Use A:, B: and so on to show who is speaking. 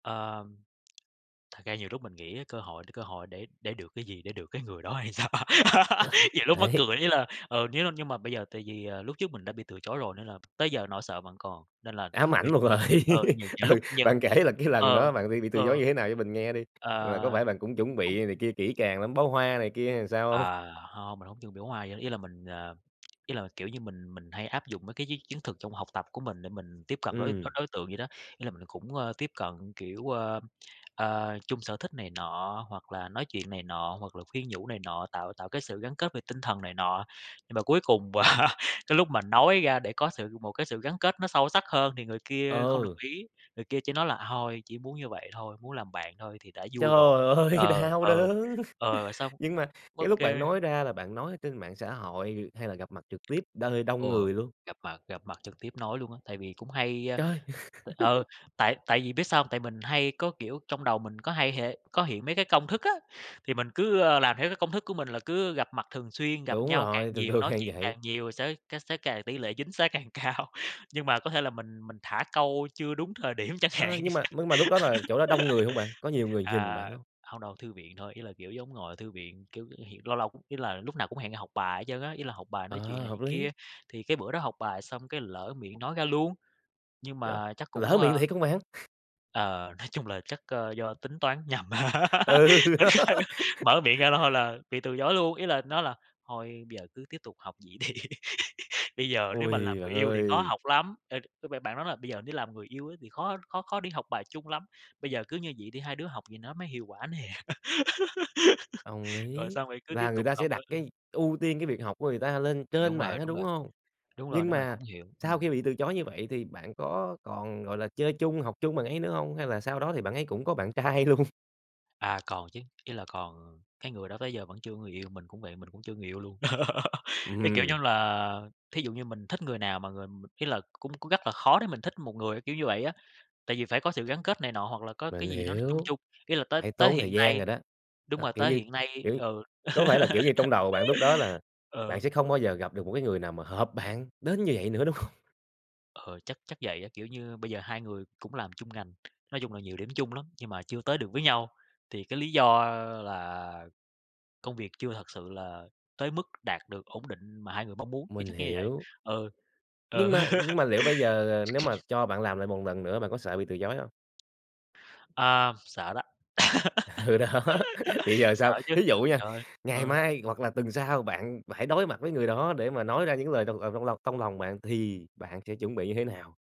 A: Ờ, ừm. Thật ra nhiều lúc mình nghĩ á, cơ hội thì cơ hội để để được cái gì, để được cái người đó hay sao?
B: Ờ,
A: Nhiều lúc mắc
B: đấy.
A: cười, ý là, ờ, nếu nếu như mà bây giờ tại vì, à, lúc trước mình đã bị từ chối rồi nên là tới giờ nỗi sợ vẫn còn, nên là
B: Ám ảnh
A: nhiều
B: một rồi.
A: mình ừ, nhiều nhiều
B: Ừ,
A: lúc nhiều
B: bạn kể là cái lần
A: ờ,
B: đó bạn bị bị từ chối
A: ờ.
B: như thế nào cho mình nghe đi,
A: À.
B: là có phải bạn cũng chuẩn
A: Không.
B: bị này kia kỹ càng lắm, bó hoa này kia hay sao hông?
A: À, hông, mình hông dùng nước hoa gì hết, ý là mình, ờ ý là kiểu như mình mình hay áp dụng mấy cái chiến chiến thuật trong học tập của mình để mình tiếp cận đối đối
B: Ừm.
A: đối tượng vậy đó. Ý là mình cũng, ơ, tiếp cận kiểu, a, a, chung sở thích này nọ, hoặc là nói chuyện này nọ, hoặc là khuyên nhủ này nọ, tạo tạo cái sự gắn kết về tinh thần này nọ. Nhưng mà cuối cùng cái lúc mà nói ra để có sự một cái sự gắn kết nó sâu sắc hơn thì người kia không đồng
B: Ờ.
A: ý, người kia chỉ nói là thôi, chỉ muốn như vậy thôi, muốn làm bạn thôi thì đã vui rồi.
B: Trời ơi,
A: Ờ,
B: đau
A: ừ,
B: đớn!
A: ờ, và xong
B: Nhưng mà
A: ô
B: cái lúc
A: kê.
B: bạn nói ra là bạn nói ở trên mạng xã hội, hay là gặp mặt trực tiếp nơi
A: Ừ,
B: đông người luôn?
A: gặp mặt gặp mặt trực tiếp nói luôn á, tại vì cũng hay, a,
B: Trời!
A: tại ừ, tại tại vì biết sao hông? Tại mình hay có kiểu trong đầu mình có hay hệ có hiện mấy cái công thức á, thì mình cứ, a, làm theo cái công thức của mình là cứ gặp mặt thường xuyên, gặp
B: Đúng
A: nhau càng
B: rồi, thường
A: nhiều,
B: thường
A: nói
B: hay
A: chuyện
B: vậy.
A: càng nhiều sẽ c sẽ càng tỉ lệ chính xác càng cao. Nhưng mà có thể là mình mình thả câu chưa đúng thời điểm chẳng hạn.
B: Ơ, nhưng mà mưng mà lúc đó là chỗ đó đông người hông bạn, có nhiều người nhìn
A: À,
B: bạn hông?
A: hông đâu, thư viện thôi, ý là kiểu giống ngồi ở thư viện. Kiểu, hẹn lâu lâu ý là lúc nào cũng hẹn học bài hết trơn á, ý là học bài nói chuyện
B: Ờ,
A: này
B: hợp
A: chuyện kia.
B: lý!
A: Thì cái bữa đó học bài xong cái lỡ miệng nói ra luôn, nhưng
B: Chết,
A: mà chắc cũng,
B: lỡ
A: a
B: miệng thiệt hông bạn?
A: ờ, nói chung là chắc, a, do tính toán nhầm.
B: Ừ,
A: Ô
B: đó.
A: kê, mở miệng ra là thôi là bị từ chối luôn. Ý là nói là "Thôi bây giờ cứ tiếp tục học vậy đi, bây giờ nếu mà
B: Ôi,
A: làm
B: bạn
A: người yêu thì khó
B: ơi!
A: học lắm." Ê, cứ b bạn nói là "Bây giờ nếu làm người yêu ấy thì khó khó khó đi học bài chung lắm, bây giờ cứ như vậy đi, hai đứa học vậy nó mới hiệu quả nè."
B: Đồng
A: Rồi
B: ý.
A: xong rồi cứ tiếp
B: Là người
A: tục
B: ta sẽ
A: học
B: đặt
A: thôi.
B: cái ưu tiên cái việc học của người ta lên
A: Ừ,
B: trên
A: đúng
B: bạn
A: rồi,
B: á,
A: đúng
B: đúng
A: rồi.
B: hông?
A: Đúng rồi,
B: Nhưng
A: nên mình
B: mà
A: cũng hiểu,
B: sau
A: ừm.
B: khi bị từ chối như vậy thì bạn có còn, gọi là, chơi chung, học chung bạn ấy nữa hông, hay là sau đó thì bạn ấy cũng có bạn trai luôn?
A: À, còn chứ, ý là còn cái người đó tới giờ vẫn chưa có người yêu. Mình cũng vậy, mình cũng chưa người yêu luôn.
B: Ừm
A: Cái kiểu như
B: hưm.
A: là thí dụ như mình thích người nào mà người m ý là cũng cũng rất là khó để mình thích một người, kiểu như vậy á. Tại vì phải có sự gắn kết này nọ hoặc là có cái
B: Mình
A: gì đó nó chung
B: hiểu.
A: chung. Ý là tới
B: Phải
A: tới
B: tốn thời
A: hiện
B: gian
A: nay
B: rồi đó.
A: đúng
B: Đó.
A: rồi,
B: Kiểu
A: tới
B: như
A: hiện nay
B: kiểu,
A: ừ.
B: có phải là, kiểu như, trong đầu bạn lúc đó là bạn
A: Ờ.
B: sẽ không bao giờ gặp được một cái người nào mà hợp bạn đến như vậy nữa, đúng hông?
A: Ờ, chắc chắc vậy á, kiểu như, bây giờ hai người cũng làm chung ngành, nói chung là nhiều điểm chung lắm, nhưng mà chưa tới được với nhau. Thì cái lý do là công việc chưa thật sự là tới mức đạt được ổn định mà hai người mong muốn. Thì
B: Mình
A: chắc như vậy,
B: hiểu.
A: ừ.
B: Nhưng
A: Ừ.
B: mà nhưng mà liệu bây giờ, à, nếu mà cho bạn làm lại một lần nữa bạn có sợ bị từ chối hông?
A: Ờ, sợ đó.
B: Ừ, đó, thì giờ
A: Sợ
B: sao?
A: chứ,
B: Thí dụ nha,
A: trời ơi!
B: ngày
A: Ừ.
B: mai hoặc là tuần sau bạn phải đối mặt với người đó để mà nói ra những lời trong, à, trong lòng trong lòng bạn thì bạn sẽ chuẩn bị như thế nào?